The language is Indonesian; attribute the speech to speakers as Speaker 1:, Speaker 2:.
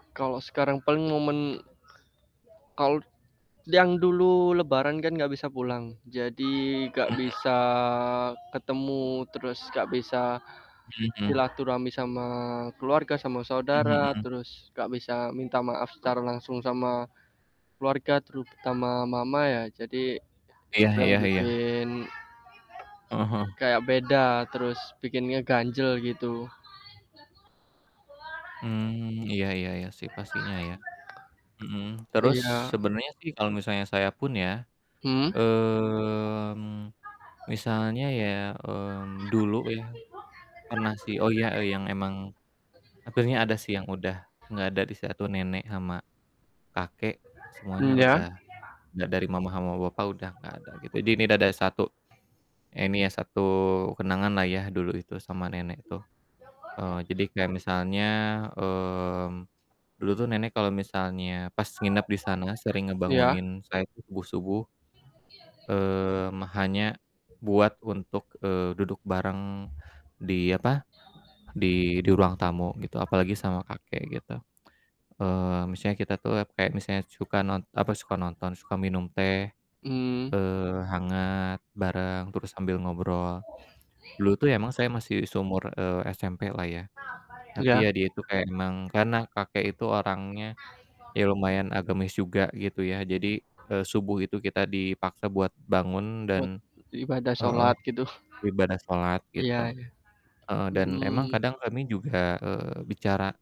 Speaker 1: Kalau sekarang paling momen, kalut yang dulu lebaran, kan enggak bisa pulang. Jadi, enggak
Speaker 2: Mhm.
Speaker 1: bisa ketemu terus, enggak bisa
Speaker 2: Mhm.
Speaker 1: silaturahmi sama keluarga, sama
Speaker 2: Mmm,
Speaker 1: saudara,
Speaker 2: mhm.
Speaker 1: terus enggak bisa minta maaf secara langsung sama keluarga, terutama mama, ya. Jadi,
Speaker 2: Iya
Speaker 1: yang
Speaker 2: iya iya.
Speaker 1: bikin
Speaker 2: Heeh heeh.
Speaker 1: kayak beda, terus bikin ngeganjel, gitu.
Speaker 2: Mmm, iya iya iya, sih, pastinya, ya. Mhm, terus
Speaker 1: Iya.
Speaker 2: sebenarnya sih kalau misalnya saya pun ya,
Speaker 1: Mmm.
Speaker 2: mmm, misalnya ya, mmm, dulu ya, pernah sih, oh iya, eee, yang emang hampirnya ada sih yang udah enggak ada di satu nenek sama kakek. Semuanya
Speaker 1: Mmm, ya.
Speaker 2: udah da dari mama sama papa udah enggak ada, gitu. Di ini da ada satu, ini ya satu kenanganlah ya dulu itu sama nenek tuh. Eee, jadi kayak misalnya, mmm, dulu tuh nenek kalau misalnya pas nginap di sana sering
Speaker 1: Iya.
Speaker 2: ngebangunin saya subuh-subuh mmm, hanya buat untuk, eee, duduk bareng di, apa, di di ruang tamu, gitu. Apalagi sama kakek, gitu. Eee, misalnya kita tuh le kayak misalnya suka non apa suka nonton, suka minum teh,
Speaker 1: Mmm.
Speaker 2: eee, hangat
Speaker 1: M
Speaker 2: bareng terus sambil ngobrol. Dulu tuh emang saya masih seumur eee, SMP lah ya, tapi
Speaker 1: Iya.
Speaker 2: ya dia itu kayak emang karena kakek itu orangnya ya lumayan agamis juga gitu ya. Jadi, eee, subuh itu kita dipaksa buat bangun dan,
Speaker 1: Buat ibadah
Speaker 2: eee,
Speaker 1: salat, gitu.
Speaker 2: beribadah salat,
Speaker 1: Iya
Speaker 2: gitu.
Speaker 1: iya.
Speaker 2: Eee, dan emang
Speaker 1: Mmm.
Speaker 2: kadang kami juga, eee, bicara